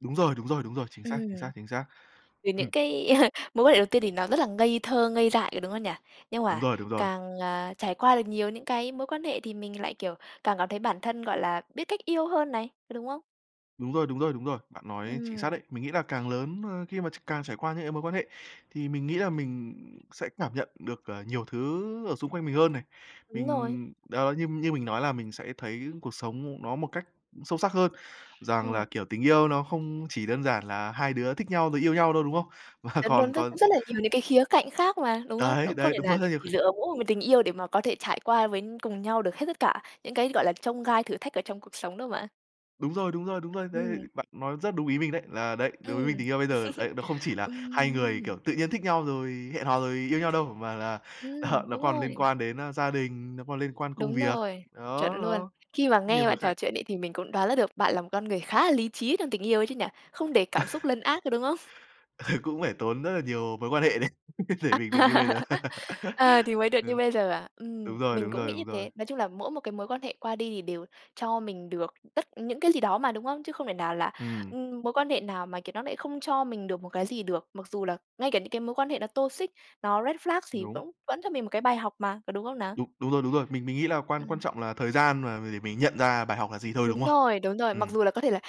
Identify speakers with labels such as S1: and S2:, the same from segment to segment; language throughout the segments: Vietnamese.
S1: Đúng rồi, đúng rồi, đúng rồi, chính xác, chính
S2: Ừm.
S1: xác, chính xác.
S2: Thì
S1: Ừm.
S2: những cái mối quan hệ đầu tiên thì nó rất là ngây thơ, ngây dại rồi đúng không nhỉ? Nhưng
S1: Đúng
S2: mà
S1: rồi, đúng rồi.
S2: càng, à, trải qua được nhiều những cái mối quan hệ thì mình lại, kiểu, càng cảm thấy bản thân, gọi là, biết cách yêu hơn này, có đúng không?
S1: Đúng rồi, đúng rồi, đúng rồi. Bạn nói chính xác
S2: Ừm.
S1: đấy. Mình nghĩ là càng lớn, ơ, khi mà tr càng trải qua những cái mối quan hệ thì mình nghĩ là mình sẽ cảm nhận được, ờ, nhiều thứ ở xung quanh mình hơn này.
S2: Đúng rồi.
S1: Mình đó, như như mình nói là mình sẽ thấy cuộc sống nó một cách sâu sắc hơn rằng là,
S2: Ừm.
S1: kiểu, tình yêu nó không chỉ đơn giản là hai đứa thích nhau rồi yêu nhau thôi đúng không? Và
S2: Đúng,
S1: còn
S2: đúng nó
S1: còn
S2: cũng rất là nhiều những cái khía cạnh khác mà, đúng không? Nó
S1: Đấy,
S2: cũng không
S1: đấy,
S2: thể
S1: đúng
S2: nào
S1: rồi. Rất nhiều
S2: chỉ
S1: khía
S2: dựa vào mỗi một tình yêu để mà có thể trải qua với cùng nhau được hết tất cả những cái, gọi là, chông gai thử thách ở trong cuộc sống đâu mà.
S1: Đúng rồi, đúng rồi, đúng rồi. Đấy,
S2: Ừm.
S1: bạn nói rất đúng ý mình đấy. Là đấy, đối với mình
S2: Ừm.
S1: tình yêu bây giờ đấy, nó không chỉ là hai người,
S2: Ừm.
S1: kiểu, tự nhiên thích nhau rồi hẹn hò rồi yêu nhau đâu, mà là ờ,
S2: Ừm,
S1: nó
S2: đúng
S1: còn liên
S2: rồi.
S1: quan đến gia đình, nó còn liên quan công
S2: Đúng
S1: việc.
S2: rồi,
S1: Đó,
S2: chuẩn luôn.
S1: đó,
S2: Khi mà
S1: rất nhiều
S2: nghe
S1: khía
S2: bạn
S1: cạnh.
S2: trò chuyện ấy, thì mình cũng đoán ra được bạn là một con người khá là lý trí trong tình yêu ấy chứ nhỉ. Không để cảm xúc lần át, có đúng không?
S1: Ờ, cũng phải tốn rất là nhiều mối quan hệ đấy,
S2: À,
S1: để mình được như bây giờ.
S2: ờ, thì mới được như
S1: Ừ,
S2: bây giờ à. Ừm,
S1: Đúng rồi,
S2: mình
S1: đúng
S2: cũng
S1: rồi,
S2: nghĩ như
S1: đúng rồi.
S2: thế. Nói chung là mỗi một cái mối quan hệ qua đi thì đều cho mình được tất những cái gì đó mà, đúng không? Chứ không thể nào là,
S1: Ừm.
S2: ừm, mối quan hệ nào mà, kiểu, nó lại không cho mình được một cái gì được. Mặc dù là ngay cả những cái mối quan hệ nó toxic, nó red flag thì
S1: Đúng.
S2: cũng vẫn cho mình một cái bài học mà, có đúng không nào?
S1: Đúng. Đúng rồi, đúng rồi. Mình mình nghĩ là quan quan
S2: Ừm.
S1: trọng là thời gian mà mà để mình nhận ra bài học là gì thôi, đúng
S2: Đúng
S1: không?
S2: rồi, đúng rồi. Mặc
S1: Ừm.
S2: dù là có thể là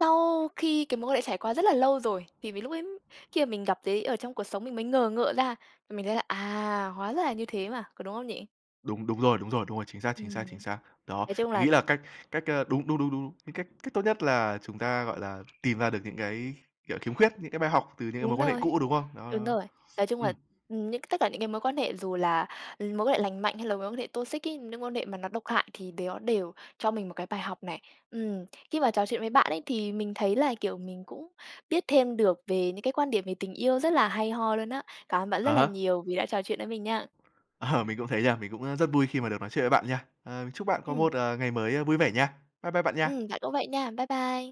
S2: sau khi cái mối quan hệ trải qua rất là lâu rồi. Thì vì, lúc ấy khi mà mình gặp thấy ở trong cuộc sống mình mới ngờ ngợ ra, mình thấy là, à, hóa ra là như thế mà, có đúng không nhỉ?
S1: Đúng. Đúng rồi, đúng rồi, đúng rồi, chính xác, chính xác,
S2: Ừm.
S1: chính xác. Đó,
S2: Nói chung
S1: mình nghĩ
S2: là
S1: là cách cách ơ, đúng, đúng, đúng, đúng, đúng, cái cách cách tốt nhất là chúng ta gọi là, tìm ra được những cái, kiểu, khiếm khuyết, những cái bài học từ những cái mối
S2: Đúng
S1: quan hệ
S2: rồi,
S1: cũ đúng không? Đó,
S2: đúng
S1: đó, đó.
S2: rồi. Nói chung là,
S1: Ừm.
S2: ừm, những cái tất cả những cái mối quan hệ dù là mối quan hệ lành mạnh hay là mối quan hệ toxic ấy, những quan hệ mà nó độc hại thì nó đều cho mình một cái bài học này. Ừm, khi mà trò chuyện với bạn ấy thì mình thấy là, kiểu, mình cũng biết thêm được về những cái quan điểm về tình yêu rất là hay ho luôn á. Cảm ơn bạn
S1: À
S2: rất là
S1: há.
S2: nhiều vì đã trò chuyện với mình nha.
S1: Ờ, mình cũng thế nha. Mình cũng rất vui khi mà được nói chuyện với bạn nha. Ờ, mình chúc bạn có
S2: Ừm.
S1: một, ờ, ngày mới vui vẻ nha. Bye bye bạn
S2: Ừm,
S1: nha.
S2: bạn cũng vậy nha. Bye bye.